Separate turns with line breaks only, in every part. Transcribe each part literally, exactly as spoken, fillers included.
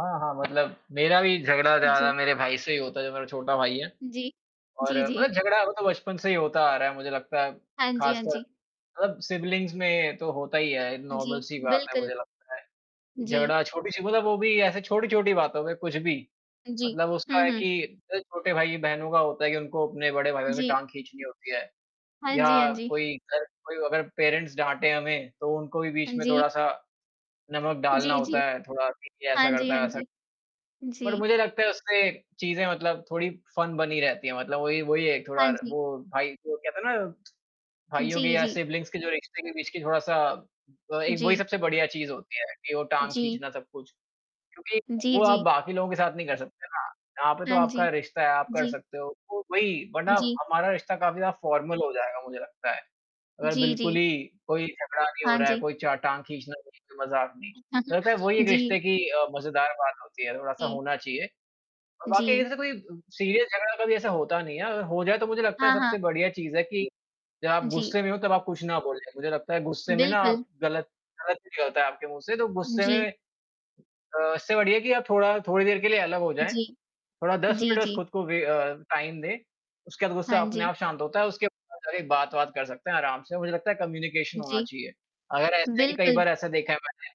हाँ, हाँ, मतलब मेरा भी झगड़ा ज़्यादा
जी।
मेरे भाई से ही होता है जो मेरा छोटा भाई है,
जी,
और
जी,
मतलब
जी।
झगड़ा वो तो बचपन से ही होता आ रहा है मुझे लगता है
हाँ, जी, हाँ,
ख़ासकर
जी।
मतलब सिब्लिंग्स में तो होता ही है नॉर्मल
जी,
सी बात है
बिल्कुल।
मुझे लगता है।
जी।
झगड़ा छोटी-सी मतलब वो भी ऐसे छोटी-छोटी बातों में कुछ भी
अ, जी।
मतलब उसका
हुँ,
है
हुँ।
कि अ, छोटे भाई-बहनों का होता है कि उनको अपने बड़े भाइयों की
जी।
टाँग खींचनी होती है
हाँ,
या
जी, हाँ, जी।
कोई घर कोई अगर पेरेंट्स डाँटें हमें तो उनको भी
हाँ,
बीच में
जी।
थोड़ा-सा नमक डालना
जी,
होता
जी।
है थोड़ा कि ये
हाँ,
ऐसा
जी,
करता
हाँ,
है ऐसा
जी।
बट
जी।
मुझे लगता है उससे चीज़ें मतलब थोड़ी फ़न बनी रहती हैं मतलब वही-वही है
हाँ,
थोड़ा
जी।
वो भाई को कहते ना भाइयों के
जी,
या
जी।
सिब्लिंग्स के जो रिश्ते के बीच की थोड़ा-सा अ, एक वही
जी।
सबसे बढ़िया चीज़ होती है कि वो टाँग
जी।
खींचना सब कुछ। क्योंकि
जी,
वो आप
जी।
बाकी लोगों के साथ नहीं कर सकते हो ना यहाँ पे तो
हाँ जी,
आपका रिश्ता है आप कर
जी।
सकते हो वो वही वरना
जी।
हमारा रिश्ता काफ़ी ज़्यादा फ़ॉर्मल हो जाएगा मुझे लगता है, अगर
जी,
बिल्कुल
जी।
ही कोई झगड़ा नहीं हो
हाँ,
रहा है,
जी।
कोई च टाँग खींचना वो ही तो मज़ाक में मुझे लगता वही एक
जी।
रिश्ते की अ, मज़ेदार बात होती है थोड़ा-सा
जी।
होना चाहिए। और वाक़ई
जी।
ऐसे कोई सीरियस झगड़ा कभी ऐसा होता नहीं है अगर हो जाए तो मुझे लगता है
हाँ, हाँ।
सबसे बढ़िया चीज़ है कि जब
उ,
आप
जी।
गुस्से में हो तब आप कुछ ना बोलें मुझे लगता है गुस्से में ना आप
बिल्कुल।
ग़लत ग़लत निकलता है आपके मुँह से तो
उ,
गुस्से में
जी।
अ, इससे बढ़िया कि आप थोड़ा थोड़ी देर के लिए अलग हो जाएँ।
जी,
थोड़ा दस
जी,
मिनट बस
जी।
ख़ुद को वे अ, टाइम दें उसके बाद गुस्सा
हाँ,
अपने
जी।
आप शांत होता है उसके बाद जाके बात-वात कर सकते हैं आराम से मुझे लगता है कम्युनिकेशन होना
जी,
चाहिए। अगर ऐसा है कि कई
बिल्कुल।
बार ऐसा देखा है मैंने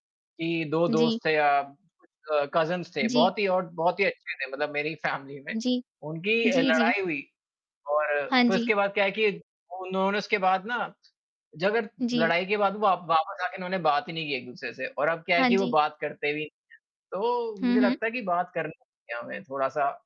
कि दो
जी।
दोस्त थे या अ, कज़िन्स थे
जी।
बहुत ही और बहुत ही अच्छे थे मतलब मेरी फ़ैमिली में
जी।
उनकी अ,
जी, जी।
लड़ाई हुई और
हाँ,
फ़िर
जी।
उसके बाद क्या है कि उन्होंने उसके बाद ना झगड़
जी।
लड़ाई के बाद व वापस आके इन्होंने बात ही नहीं की एक-दूसरे से और अब क्या है
हाँ,
कि वो
जी।
बात करते भी तो
हुँ,
मुझे
हुँ।
लगता है कि बात करना चाहिए उन्हे थोड़ा-सा